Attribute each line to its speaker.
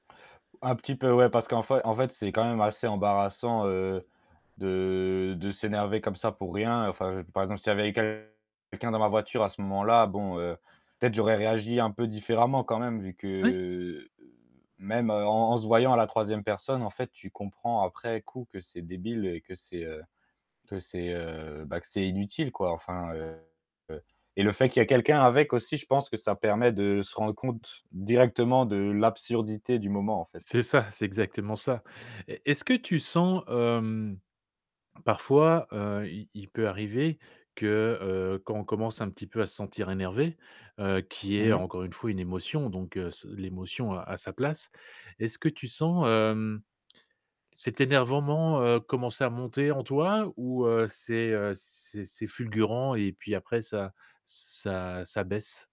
Speaker 1: Un petit peu, ouais. Parce qu'en fai en fait, c'est quand même assez embarrassant, heu, de de s'énerver comme ça pour rien, enfin par exemple, s'il y avait eu quelqu'un dans ma voiture à ce moment-là, bon, heu, peut-être j'aurais réagi un peu différemment quand même, vu
Speaker 2: Oui.
Speaker 1: que même en en se voyant à la 3e personne, en fait, tu comprends après coup que c'est débile et que c'est, heu, que c'est, heu, bah, que c'est inutile, quoi, enfin, heu, et le fait qu'il y ait quelqu'un avec aussi, je pense que ça permet de se rendre compte, directement de l'absurdité du moment, en fait.
Speaker 2: C'est ça, c'est exactement ça. Et, est-ce que tu sens, hem, parfois, heu, il il peut arriver, que, heu, quand on commence un petit peu à se sentir énervé, heu, qui
Speaker 1: Mmh
Speaker 2: est,
Speaker 1: mh.
Speaker 2: encore une fois, une émotion donc, heu, s l'émotion, heu, a sa place, est-ce que tu sens, hem, cet énervement, heu, commencer à monter en toi? Ou, heu, c'est, heu, c'est c'est fulgurant et puis après ça ç ça ça baisse?